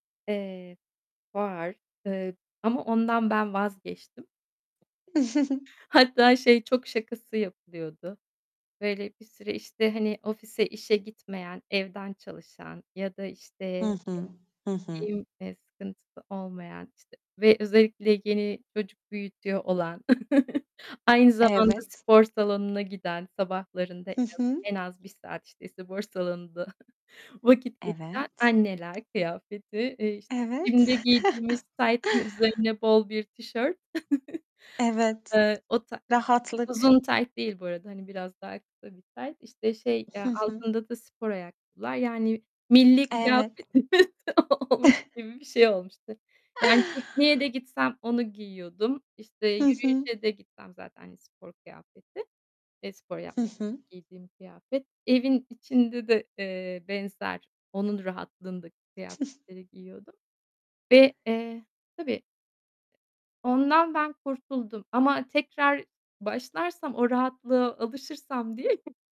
Eee, var, ııı, ama ondan ben vazgeçtim. Hatta, şey, çok şakası yapılıyordu. Böyle, bir süre, işte, hani, ofise, işe gitmeyen, evden çalışan ya da, işte, Hı eee, hı. Hı hı. giyim, eee, sıkıntısı olmayan, işte, ve özellikle yeni çocuk büyütüyor olan, aynı zamanda Evet. spor salonuna giden, sabahlarında en Hı az hı. en az 1 saat, işte, spor salonunda vakit geçiren Evet. anneler kıyafeti, eee, işte, Evet. gym'de giydiğimiz taytın üzerine bol bir tişört. Evet. Iıı, o ta Rahatlık. uzun tayt değil bu arada, hani, biraz daha kısa bir tayt. İşte, şey, Hı eee, hı. altında da spor ayakkabılar, yani, milli Evet. kıyafetimiz olmuş gibi bir şey olmuştu. Yani pikniğe de gitsem onu giyiyordum. İşte, Hı hı. yürüyüşe de gitsem zaten spor kıyafeti. Eee, spor Hı yapmak için hı. giydiğim kıyafet. Evin içinde de, eee, benzer, onun rahatlığındaki kıyafetleri giyiyordum ve, eee Tabii, ondan ben kurtuldum ama tekrar başlarsam, o rahatlığa alışırsam diye